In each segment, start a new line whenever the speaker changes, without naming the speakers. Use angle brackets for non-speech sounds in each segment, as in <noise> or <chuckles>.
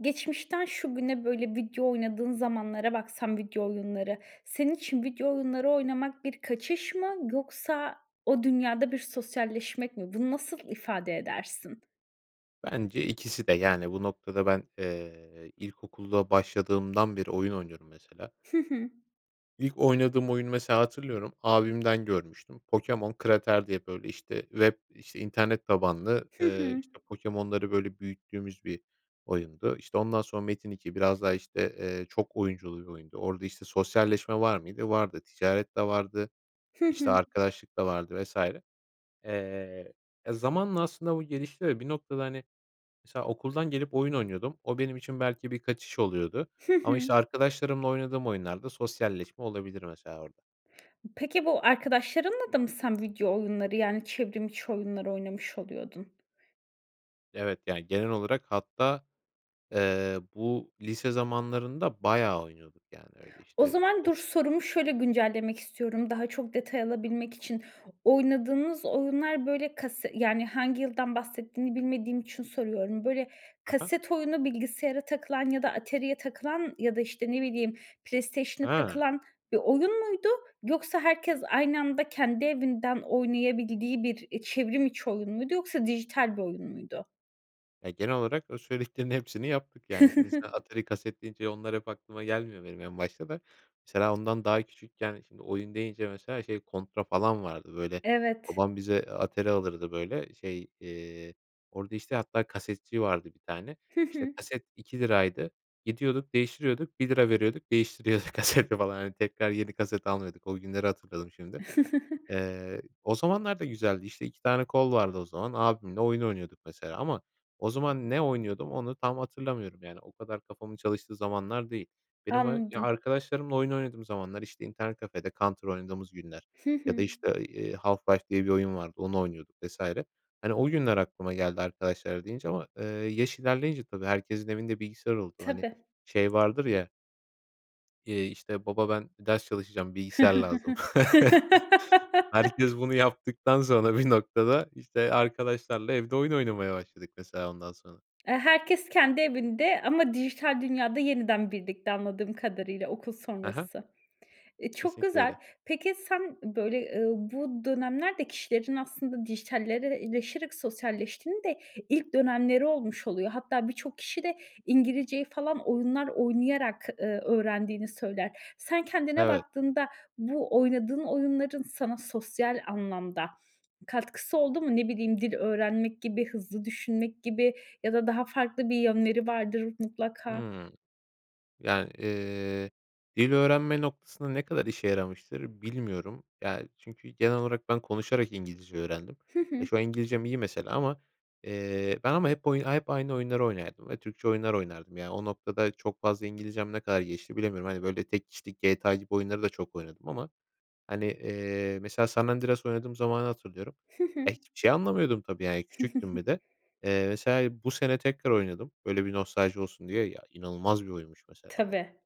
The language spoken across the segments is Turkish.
Geçmişten şu güne böyle video oynadığın zamanlara baksan, video oyunları, senin için video oyunları oynamak bir kaçış mı, yoksa o dünyada bir sosyalleşmek mi? Bunu nasıl ifade edersin?
Bence ikisi de. Yani, bu noktada ben, eee, ilkokula başladığımdan beri oyun oynuyorum mesela.
Hı hı.
İlk oynadığım oyunu mesela hatırlıyorum, abimden görmüştüm. Pokémon Crater diye böyle, işte, işte, internet tabanlı,
Hı
eee,
hı.
işte, pokemonları, böyle, büyüttüğümüz bir oyundu. İşte, ondan sonra Metin2 biraz daha, işte, eee, çok oyunculu bir oyundu. Orada, işte, sosyalleşme var mıydı? Vardı. Ticaret de vardı,
Hı
işte,
hı.
arkadaşlık da vardı vs. Eee, e, zamanla aslında bu gelişti ve bir noktada, hani, mesela okuldan gelip oyun oynuyordum. O benim için belki bir kaçış oluyordu
Hı
ama,
hı.
işte, arkadaşlarımla oynadığım oyunlarda sosyalleşme olabilir mesela orada.
Peki, bu arkadaşlarınla da mı sen video oyunları, yani, çevrim içi oyunları oynamış oluyordun?
Evet, yani, genel olarak hatta, eee, bu lise zamanlarında bayağı oynuyorduk. Yani, öyle,
O
işte, üüü,
zaman
o
dur, sorumu şöyle güncellemek istiyorum, daha çok detay alabilmek için. Oynadığınız oyunlar böyle kase yani, hangi yıldan bahsettiğini bilmediğim için soruyorum. Böyle,
Hı hı.
kaset oyunu bilgisayara takılan ya da Atari'ye takılan ya da, işte, ne bileyim, PlayStation'a
Hıı.
takılan bir oyun muydu, yoksa herkes aynı anda kendi evinden oynayabildiği bir, iii, çevrim içi oyun muydu, yoksa dijital bir oyun muydu?
Eee, genel olarak o söylediklerinin hepsini yaptık, yani. Şimdi mesela
<giggles>
Atari, kaset deyince onlar hep aklıma gelmiyor benim en başta da. Mesela ondan daha küçükken şimdi oyun deyince mesela şey Contra falan vardı, böyle,
Evet.
babam bize, eee, Atari alırdı. Böyle, şey, eee, orada, işte, hatta kasetçi vardı bir tane,
Hı
işte,
hı.
kaset ₺2 gidiyorduk değiştiriyorduk, ₺1 veriyorduk, değiştiriyorduk kaseti falan. Hani, tekrar yeni kaset almıyorduk. O günleri hatırladım şimdi.
<giggles>
Eee, o zamanlar da güzeldi, işte, 2 tane kol vardı o zaman. Abimle oyun oynuyorduk mesela ama o zaman ne oynuyordum onu tam hatırlamıyorum. Yani, o kadar kafamın çalıştığı zamanlar değil. Benim ey ya
Anladım.
arkadaşlarımla oyun oynadığım zamanlar, işte, internet kafede Counter oynadığımız günler
Hı
ya da,
hı.
işte, ııı, eee, Half-Life diye bir oyun vardı, onu oynuyorduk vs. Hani, o günler aklıma geldi "arkadaşlar" deyince ama, eee, yaş ilerleyince tabii herkesin evinde bilgisayar oldu. Hani,
Tabii.
şey vardır ya Eee, işte, "Baba ben ders çalışacağım, bilgisayar lazım."
<giggles>
<chuckles>
<laughs>
Herkes bunu yaptıktan sonra bir noktada, işte, arkadaşlarla evde oyun oynamaya başladık mesela ondan sonra.
Eee, herkes kendi evinde ama dijital dünyada yeniden birlikte anladığım kadarıyla, okul
He he.
sonrası. Eee, çok
Kesinlikle
güzel.
öyle.
Peki sen, böyle, ııı, bu dönemler de kişilerin aslında dijitalleşerek sosyalleştiğinin de ilk dönemleri olmuş oluyor. Hatta birçok kişi de İngilizceyi falan oyunlar oynayarak, eee, öğrendiğini söyler. Sen kendine
Evet.
baktığında bu oynadığın oyunların sana sosyal anlamda katkısı oldu mu? Ne bileyim dil öğrenmek gibi hızlı düşünmek gibi ya da daha farklı bir yönleri vardır mutlaka.
Hıı. Yani, eee, dil öğrenme noktasında ne kadar işe yaramıştır bilmiyorum. Ya çünkü genel olarak ben konuşarak İngilizce öğrendim.
Hı
E,
hı.
şu an İngilizcem iyi mesela ama, eee, ben ama hep oy hep aynı oyunları oynardım ve Türkçe oyunlar oynardım. Yani o noktada çok fazla İngilizcem ne kadar gelişti bilemiyorum. Hani, böyle, tek kişilik GTA gibi oyunları da çok oynadım ama, hani, eee, mesela San Andreas oynadığım zamanı hatırlıyorum.
Hı hı.
E, hiçbir şey anlamıyordum tabii, yani, küçüktüm bir
<giggles>
de. Eee, mesela bu sene tekrar oynadım, böyle, bir nostalji olsun diye. Ya inanılmaz bir oyunmuş mesela o,
Tabii.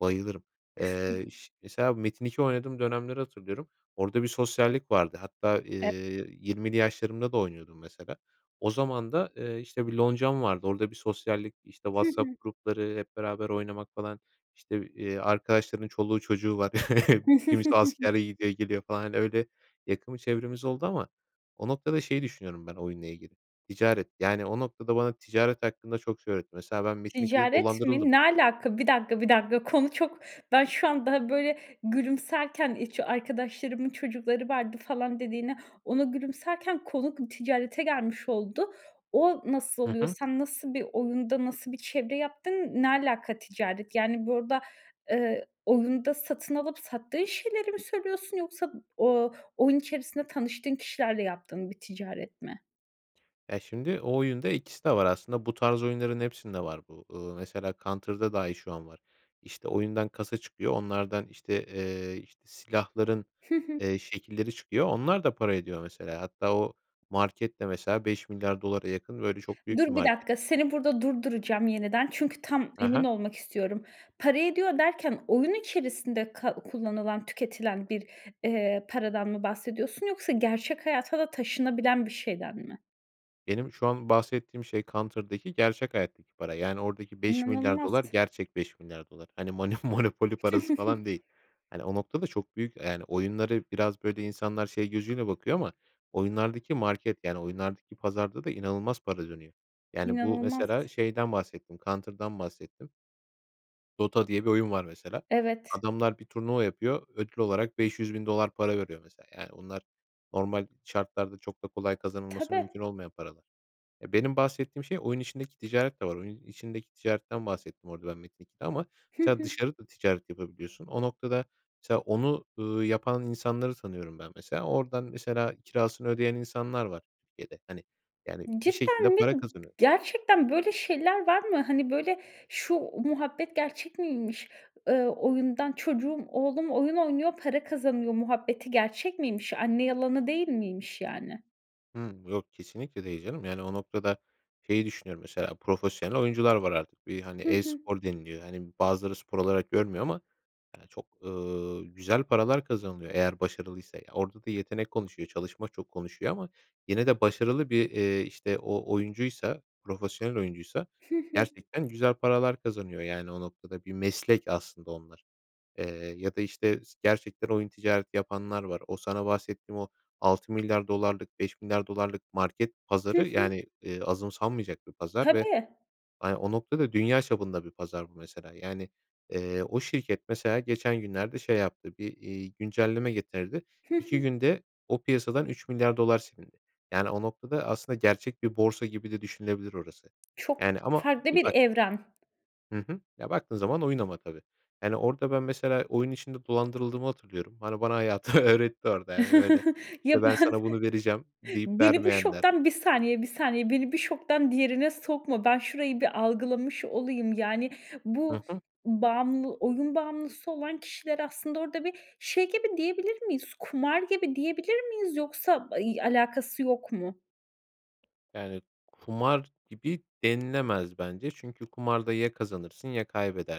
bayılırım. Eee, iş mesela Metin2 oynadığım dönemleri hatırlıyorum. Orada bir sosyallik vardı hatta, eee,
<unintelligible>
20'li yaşlarımda da oynuyordum mesela. O zaman da, eee, işte, bir loncam vardı. Orada bir sosyallik, işte,
Hı hı.
WhatsApp grupları hep beraber oynamak falan. İşte, eee, arkadaşların çoluğu çocuğu var. <chuckles> Kimisi askere
<giggles>
gidiyor, geliyor falan. Hani, öyle yakın bir çevremiz oldu ama o noktada şey düşünüyorum ben oyunla ilgili, ticaret. Yani, o noktada bana ticaret hakkında çok şey öğretti. Mesela ben Metin2'de
Ticaret mi?
dolandırıldım.
Ne alaka? Bir dakika bir dakika, konu çok ben şu anda, böyle, gülümserken hiç "Arkadaşlarımın çocukları vardı" falan dediğine, ona gülümserken konu kı ticarete gelmiş oldu. O nasıl
Hı
oluyor?
hı.
Sen nasıl bir oyunda nasıl bir çevre yaptın? Ne alaka ticaret? Yani, burada, eee, oyunda satın alıp sattığın şeyleri mi söylüyorsun yoksa o oyun içerisinde tanıştığın kişilerle yaptığın bir ticaret mi?
Ya, şimdi o oyunda 2'si de var aslında bu tarz oyunların hepsinde var bu. Iıı, mesela Counter'da dahi şu an var. İşte, oyundan kasa çıkıyor onlardan, işte, eee, işte, silahların,
Hı hı.
eee, şekilleri çıkıyor, onlar da para ediyor mesela. Hatta o market de mesela $5.000.000.000'a yakın böyle çok büyük bir
Dur, 1
market.
dakika. Seni burada durduracağım yeniden çünkü tam
Hı
emin
hı.
olmak istiyorum. Para ediyor derken oyun içerisinde kal kullanılan tüketilen bir, eee, paradan mı bahsediyorsun yoksa gerçek hayata da taşınabilen bir şeyden mi?
Benim şu an bahsettiğim şey Counter'daki gerçek hayattaki para. Yani, oradaki $5.000.000.000
İnanılmaz.
gerçek $5.000.000.000 Hani, Manü Monopoly parası falan
<giggles>
değil. Hani, o noktada çok büyük, eee, yani, oyunları biraz böyle insanlar şey gözüyle bakıyor ama oyunlardaki market, yani, oyunlardaki pazarda da inanılmaz para dönüyor. Yani, bu
İnanılmaz.
mesela şeyden bahsettim; Counter'dan bahsettim. Dota diye bir oyun var mesela,
Evet.
adamlar bir turnuva yapıyor ödül olarak $500.000 para veriyor mesela. Yani, onlar normal şartlarda çok da kolay kazanılması
Tabii.
mümkün olmayan paralar. Eee, benim bahsettiğim şey, oyun içindeki ticaret de var. Oyunun içindeki ticaretten bahsettim orada ben Metin2'de ama
Hı
mesela
hı.
dışarı da ticaret yapabiliyorsun. O noktada mesela onu, ııı, yapan insanları tanıyorum ben mesela. Oradan mesela kirasını ödeyen insanlar var Türkiye'de. Hani, yani, bir şekilde
Cidden mi?
para
I
kazanıyor.
Gerçekten böyle şeyler var mı? Hani, böyle, şu muhabbet gerçek miymiş? Ööö, "Oyundan çocuğum, oğlum oyun oynuyor, para kazanıyor" muhabbeti gerçek miymiş? Anne yalanı değil miymiş yani?
Hıı, yok kesinlikle değil canım. Yani, o noktada şeyi düşünüyorum, mesela, profesyonel oyuncular var artık. Bir, hani,
Hı hı.
e-spor deniliyor. Hani, bazıları spor olarak görmüyor ama çok, ııı, güzel paralar kazanılıyor eğer başarılıysa. Ya, orada da yetenek konuşuyor, çalışma çok konuşuyor ama yine de başarılı bir, eee, işte, o oyuncuysa, profesyonel oyuncuysa
Hı hı.
gerçekten güzel paralar kazanıyor, yani, o noktada. Bir meslek aslında onlar. Eee, ya da, işte, s gerçekten oyun ticareti yapanlar var. O sana bahsettiğim o, 6 milyar dolarlık, 5 milyar dolarlık market
Hı
pazarı,
hı.
yani, eee, azımsanmayacak bir pazar ve,
Tabii.
hani, o noktada dünya çapında bir pazar bu, mesela. Yani, eee, o şirket, mesela, geçen günlerde şey yaptı; bir, ııı, güncelleme getirdi.
Hı
2
hı.
günde o piyasadan 3 milyar dolar silindi. Yani, o noktada aslında gerçek bir borsa gibi de düşünülebilir orası.
Çok
Yani, ama
farklı
bir
bir
bak
evren.
Hı hı. Ya, baktığın zaman oyun ama tabii. Yani, orada ben mesela oyun içinde dolandırıldığımı hatırlıyorum. Hani, bana hayatı öğretti orada, yani, böyle.
<chuckles> Ya
Ve "Ben,
ben
sana bunu vereceğim." deyip
Beni bu
vermeyenler.
şoktan 1 saniye 1 saniye beni bir şoktan diğerine sokma, ben şurayı bir algılamış olayım, yani,
Hı
bu
hı.
bağımlı oyun bağımlısı olan kişiler aslında orada bir şey gibi diyebilir miyiz kumar gibi diyebilir miyiz yoksa ay alakası yok mu?
Yani, kumar gibi denilemez bence çünkü kumarda ya kazanırsın ya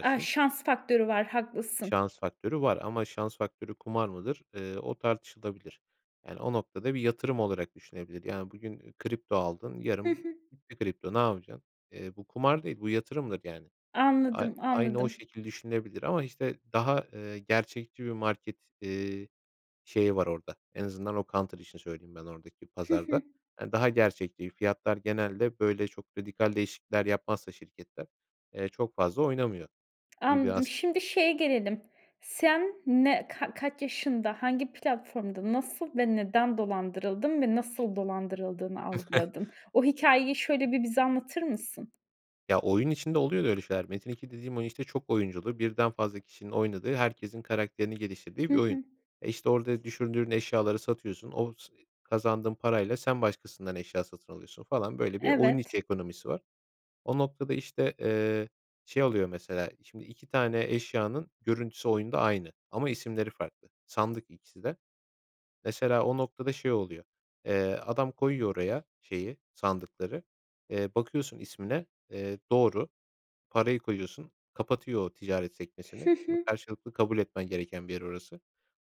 A, şans faktörü var haklısın.
Şans faktörü var. Ama şans faktörü kumar mıdır, ııı, o tartışılabilir. Yani, o noktada bir yatırım olarak düşünebilir. Yani, bugün kripto aldın
Hı
yarın
hı.
bitti kripto, ne yapacaksın? Eee, bu kumar değil, bu yatırımdır yani. Ay
Anladım,
aynı o
anladım.
şekil düşünülebilir. Ama, işte, daha, eee, gerçekçi bir market, eee, şeyi var orada, en azından o Counter işini söyleyeyim ben oradaki
Hı hı.
pazarda. Hani, daha gerçekçi, fiyatlar genelde böyle çok radikal değişiklikler yapmazsa şirketler, eee, çok fazla oynamıyor gibi
Anladım.
aslında.
Şimdi şeye gelelim, sen ne ka kaç yaşında, hangi platformda, nasıl ve neden dolandırıldın? Ve nasıl dolandırıldığını
<chuckles>
algıladın? O hikâyeyi şöyle bir bize anlatır mısın?
Ya, oyun içinde oluyor da öyle şeyler. Metin2 dediğim oyun, işte, çok oyunculu, birden fazla kişinin oynadığı, herkesin karakterini
Hı
geliştirdiği bir oyun.
hı.
E, işte, orada düşürdüğün eşyaları satıyorsun, o sı ı kazandığın parayla sen başkasından eşya satın alıyorsun falan. Böyle bir oyun
Evet.
içi ekonomisi var. O noktada, işte, ııı, şey oluyor, mesela şimdi 2 tane eşyanın görüntüsü oyunda aynı ama isimleri farklı sandık, ikisi de. Mesela o noktada şey oluyor, eee, adam koyuyor oraya şeyi sandıkları, ııı, bakıyorsun ismine, eee, doğru. Parayı koyuyorsun, kapatıyor o ticaret
Hı
sekmesini. Şimdi
hı.
karşılıklı kabul etmen gereken bir yer orası.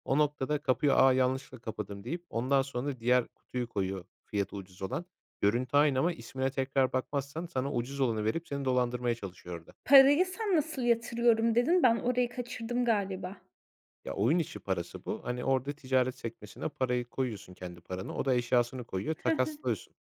O noktada kapıyı, "A, yanlışlıkla kapadım." deyip ondan sonra diğer kutuyu koyuyor, fiyatı ucuz olan. Görüntü aynı ama ismine tekrar bakmazsan sana ucuz olanı verip seni dolandırmaya çalışıyor orada.
Parayı, sen nasıl "Yatırıyorum" dedin? Ben orayı kaçırdım galiba.
Ya, oyun içi parası bu. Hani, orada ticaret sekmesine parayı koyuyorsun kendi paranı, o da eşyasını koyuyor,
Hı hı.
takaslıyorsun.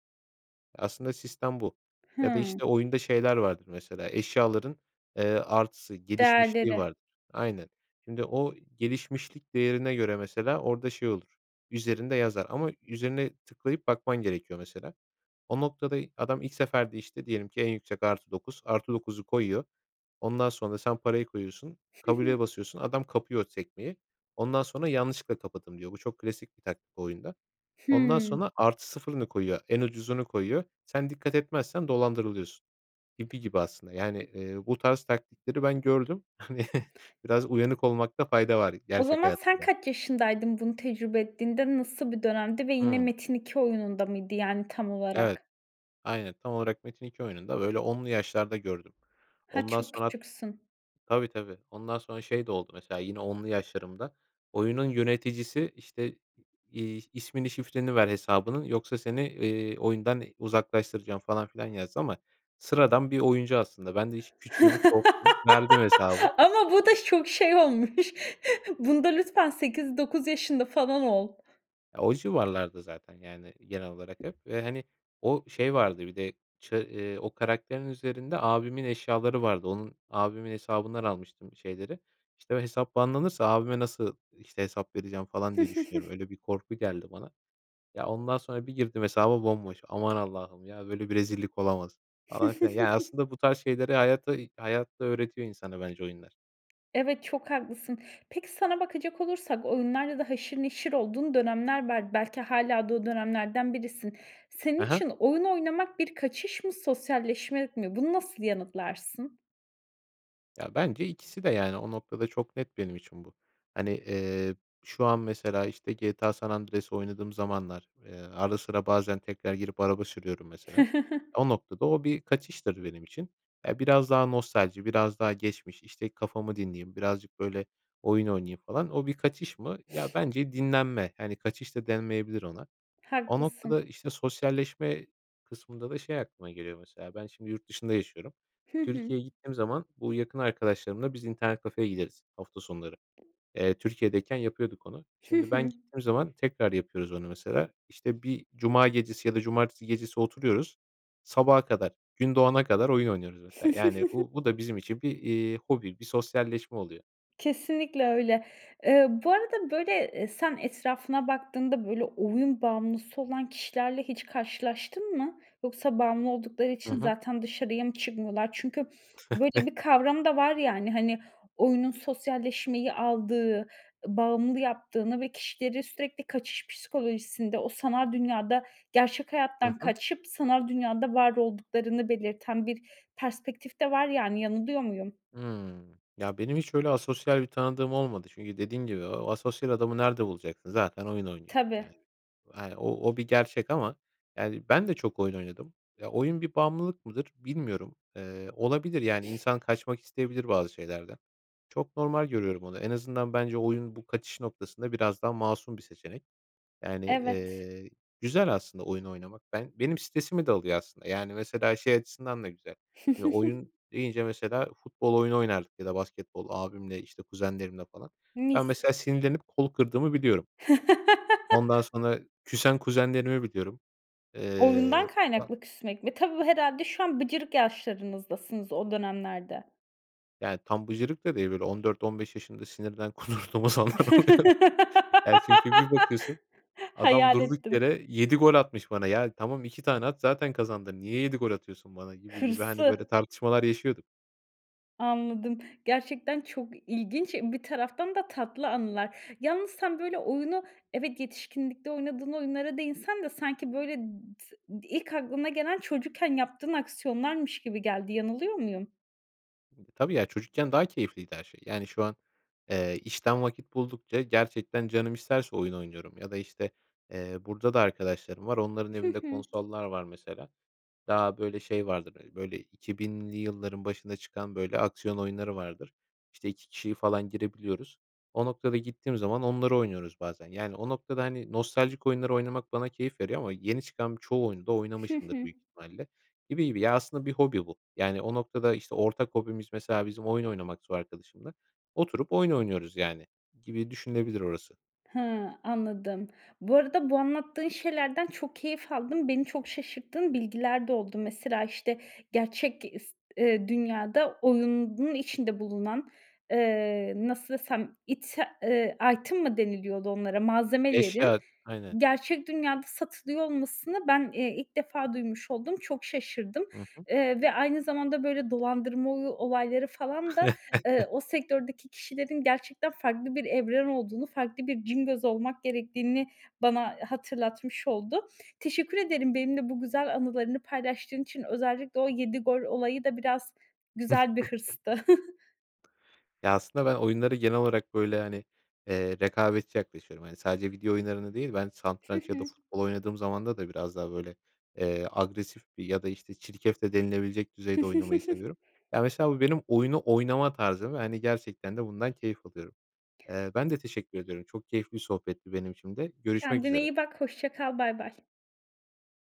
Aslında sistem bu ya da,
Hıı.
işte, oyunda şeyler vardır mesela, ııı, eşyaların, eee, artısı, gelişmişliği
Değerleri.
vardır. Aynen. Şimdi o gelişmişlik değerine göre mesela orada şey olur, üzerinde yazar ama üzerine tıklayıp bakman gerekiyor, mesela. O noktada, adam ilk seferde, işte, diyelim ki en yüksek +9. +9'u koyuyor, ondan sonra da sen parayı koyuyorsun,
Hı hı.
kabule basıyorsun, adam kapıyor sekmeyi, ondan sonra, "Yanlışlıkla kapattım" diyor. Bu çok klasik bir taktik bu oyunda. Ondan
Hımm.
sonra +0'ını koyuyor, en ucuzunu koyuyor. Sen dikkat etmezsen dolandırılıyorsun. Gibi gibi aslında, yani, ııı, bu tarz taktikleri ben gördüm. Hani, biraz uyanık olmakta fayda var,
O
gerçek
zaman
hayatta
sen
da.
kaç yaşındaydın bunu tecrübe ettiğinde? Nasıl bir dönemdi ve yine
Hımm.
Metin2 oyununda mıydı, yani, tam
Evet.
olarak?
Aynen, tam olarak Metin2 oyununda, böyle, 10'lu yaşlarda gördüm.
Ha,
Ondan
çok
sonra
küçüksün.
Tabii, tabii ondan sonra şey de oldu mesela yine 10'lu yaşlarımda oyunun yöneticisi, işte, iii, "İsmini, şifreni ver hesabının yoksa seni, eee, oyundan uzaklaştıracağım." falan filan yazdı ama sıradan bir oyuncu aslında ben de hiç küçüğüm
<laughs>
korktum verdim hesabı.
Ama bu da çok şey olmuş. <chuckles> Bunda lütfen 8-9 yaşında falan ol.
E, o civarlarda zaten. Yani, genel olarak hep. Eee, hani, o şey vardı bir de ça eee, o karakterin üzerinde abimin eşyaları vardı. Onun abimin hesabından almıştım şeyleri. İşte, o hesap banlanırsa abime nasıl, işte, hesap vereceğim falan diye düşünüyorum.
<chuckles>
Öyle bir korku geldi bana. Ya, ondan sonra bir girdim hesaba bomboş. Aman Allah'ım, ya, böyle bir rezillik olamaz, falan filan. Yani,
<chuckles>
aslında bu tarz şeyleri hayata hayatta öğretiyor insana bence oyunlar.
Evet, çok haklısın. Peki, sana bakacak olursak oyunlarla da haşır neşir olduğun dönemler var. Belki hâlâ da o dönemlerden birisin. Senin
Hı hı.
için oyun oynamak bir kaçış mı, sosyalleşme mi? Bunu nasıl yanıtlarsın?
Ya, bence ikisi de, yani. O noktada çok net benim için bu. Hani, eee, şu an mesela, işte, GTA: San Andreas oynadığım zamanlar, eee, ara sıra bazen tekrar girip araba sürüyorum mesela.
<chuckles>
O noktada o bir kaçıştır benim için. Ya, biraz daha nostalji, biraz daha geçmiş, işte, kafamı dinleyeyim, birazcık, böyle, oyun oynayayım falan. O bir kaçış mı? Ya,
<sniffs>
bence dinlenme. Hani, kaçış da denmeyebilir ona. O noktada,
Haklısın.
işte, sosyalleşme kısmında da şey aklıma geliyor, mesela. Ben şimdi yurt dışında yaşıyorum.
Hı hı.
Türkiye'ye gittiğim zaman bu yakın arkadaşlarımla biz internet kafeye gideriz hafta sonları. Eee, Türkiye'deyken yapıyorduk onu.
Hı
Şimdi ben
hı.
gittiğim zaman tekrar yapıyoruz onu mesela. İşte, bir cuma gecesi ya da cumartesi gecesi oturuyoruz, sabaha kadar, gün doğana kadar oyun oynuyoruz, mesela. Yani,
<chuckles>
bu bu da bizim için bir, iii, hobi, bir sosyalleşme oluyor.
Kesinlikle öyle. Eee, bu arada, böyle, eee, sen etrafına baktığında, böyle, oyun bağımlısı olan kişilerle hiç karşılaştın mı? Yoksa bağımlı oldukları
Hı
için
hı.
zaten dışarıya mı çıkmıyorlar? Çünkü <sniffs> böyle bir
<chuckles>
kavram da var, yani. Hani, oyunun sosyalleşmeyi aldığı, bağımlı yaptığını ve kişileri sürekli kaçış psikolojisinde, o sanal dünyada gerçek
Hı
hayattan
hı.
kaçıp sanal dünyada var olduklarını belirten bir perspektif de var, yani. Yanılıyor muyum?
Hımm. Ya, benim hiç öyle asosyal bir tanıdığım olmadı. Çünkü dediğim gibi o asosyal adamı nerede bulacaksın, zaten oyun oynuyor.
Tabii.
Yani, hani, o o bir gerçek ama, yani, ben de çok oyun oynadım. Ya, oyun bir bağımlılık mıdır? Bilmiyorum. Eee, olabilir. Yani,
<sniffs>
insan kaçmak isteyebilir, bazı şeylerden. Çok normal görüyorum onu. En azından bence oyun bu kaçış noktasında biraz daha masum bir seçenek. Yani,
Evet.
eee, güzel aslında oyun oynamak. Ben benim stresimi de alıyor aslında. Yani, mesela şey açısından da güzel. Şimdi
<chuckles>
oyun deyince, mesela, futbol oyunu oynardık ya da basketbol, abimle, işte, kuzenlerimle falan. Ben
Mis.
mesela sinirlenip kolu kırdığımı biliyorum. Ondan
<laughs>
sonra, küsen kuzenlerimi biliyorum.
Oyundan
Eee, ba
kaynaklı küsmek mi? Tabii bu herhâlde şu an bıcırık yaşlarınızdasınız o dönemlerde.
Yani, tam bıcırık da değil, böyle 14-15 yaşında sinirden kudurduğum zamanlar oluyordu. Ya, çünkü bir bakıyorsun
<laughs>
adam
Hayal
durduk
ettim.
yere 7 gol atmış bana. Ya, tamam 2 tane at zaten kazandın. Niye 7 gol atıyorsun bana, gibi gibi, hani, böyle
Hırsı.
tartışmalar yaşıyorduk.
Anladım. Gerçekten çok ilginç, bir taraftan da tatlı anılar. Yalnız sen, böyle, oyunu evet yetişkinlikte oynadığın oyunlara değinsen de sanki, böyle, tı ilk aklına gelen çocukken yaptığın aksiyonlarmış gibi geldi, yanılıyor muyum?
Tabii ya, çocukken daha keyifliydi her şey. Yani, şu an, eee, işten vakit buldukça gerçekten canım isterse oyun oynuyorum ya da, işte, eee, burada da arkadaşlarım var, onların
Hı
evinde
hı.
konsollar var, mesela, daha, böyle, şey vardır. Hani, böyle 2000'li yılların başında çıkan böyle aksiyon oyunları vardır. İşte, 2 kişiyle falan girebiliyoruz. O noktada gittiğim zaman onları oynuyoruz bazen. Yani, o noktada, hani, nostaljik oyunlar oynamak bana keyif veriyor ama yeni çıkan çoğu oyunu da
Hı
oynamışımdır
hı.
büyük ihtimalle gibi gibi. Ya, aslında bir hobi bu. Yani, o noktada, işte, ortak hobimiz, mesela, bizim oyun oynamaksa o arkadaşımla oturup oyun oynuyoruz, yani, gibi düşünülebilir orası.
Hıı, anladım. Bu arada bu anlattığın şeylerden çok keyif aldım. Beni çok şaşırttığın bilgiler de oldu. Mesela, işte, gerçek ge ıst ııı, dünyada oyunun içinde bulunan, eee, nasıl desem ite eee, item mı deniliyordu onlara? Malzemelerin
Eşya, aynen.
gerçek dünyada satılıyor olmasını ben, eee, ilk defa duymuş oldum. Çok şaşırdım.
Hı hı.
Eee, ve aynı zamanda böyle dolandırma oy olayları falan da, eee,
<chuckles>
o sektördeki kişilerin gerçekten farklı bir evren olduğunu, farklı bir cingöz olmak gerektiğini bana, hatırlatmış oldu. Teşekkür ederim benimle bu güzel anılarını paylaştığın için. Özellikle o 7 gol olayı da biraz güzel bir
<chuckles>
hırstı. <giggles>
Ya, aslında ben oyunlara genel olarak böyle, hani, eee, rekabetçi yaklaşıyorum. Hani, sadece video oyunlarını değil, ben
Hı
satranç ya da
hı.
futbol oynadığım zaman da biraz daha, böyle, eee, agresif bir ya da, işte, çirkef de denilebilecek düzeyde oynamayı seviyorum.
<chuckles>
Ya, mesela bu benim oyunu oynama tarzım ve, hani, gerçekten de bundan keyif alıyorum. Eee, ben de teşekkür ediyorum, çok keyifli bir sohbetti benim için de. Görüşmek
Kendine
üzere.
iyi bak, Hoşça kal, bay bay.